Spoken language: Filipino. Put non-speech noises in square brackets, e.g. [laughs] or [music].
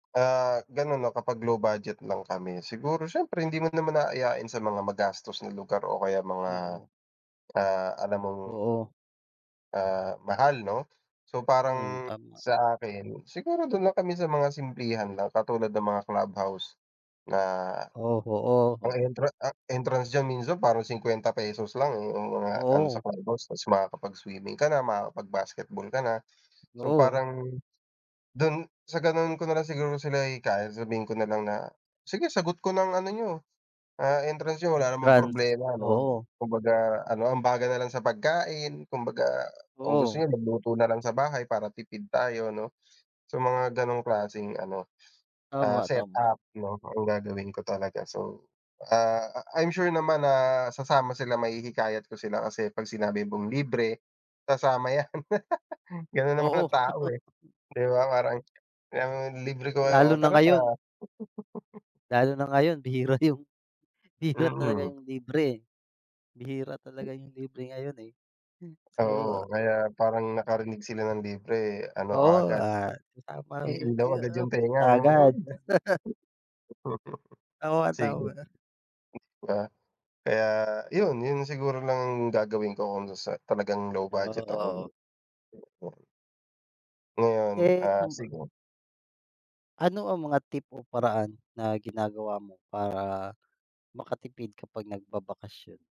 Ah, ganon na kapag low budget lang kami siguro siyempre hindi mo naman aayain sa mga magastos na lugar o kaya mga, Oo. ah, alam mong, Oo. ah, mahal no. So Mm, parang, tama. sa akin, siguro dun lang kami sa mga simplihan lang katulad ng mga clubhouse na, O, ang oo. entran ah, entrance diyan minsan parang ₱50 lang eh yung mga ano sa Oo. clubhouse tapos makakapag-swimming ka na, makakapag-basketball ka na. So Oo. parang, dun, sa ganun ko nalang siguro sila hihikayatin sabihin ko nalang na sige sagot ko na ang ano niyo, ah, entrance niyo wala namang Entrance? problema no. Oo. Kumbaga ano ambagan nalang sa pagkain, kumbaga, kung gusto Oo. niyo mag-luto nalang sa bahay para tipid tayo no. So mga ganong klaseng ano, ah, Tama, tama. set-up 'no, ang gagawin ko talaga so, ah, I I'm sure naman na sasama sila, mahihikayat ko sila, kasi pag sinabi mong libre, sasama yan. [laughs] Ganun naman Oo. ang tao eh, [chuckles] di ba parang yang, "Libre ko kayo, Lalo o na tara." ngayon. [chuckles] Lalo na ngayon bihira yung, bihira talaga Mm. yung libre eh. Bihira talaga yung libre ngayon eh so Oo kaya parang nakarinig sila ng libre ano Oo, kaagad, ah, isang i-ilaw agad [unintelligible] yung tenga punta no, agad. "uy!" [laughs] [chuckles] Oo nga Sige, tama. di ba? Kaya yun yun na siguro na ang gagawin ko kung sasa talagang low Ah, budget ako oo. no. Ngayon Eh ah, saan ba? sige. Ano ang mga tip o paraan na ginagawa mo para makatipid kapag nag-babakasyon?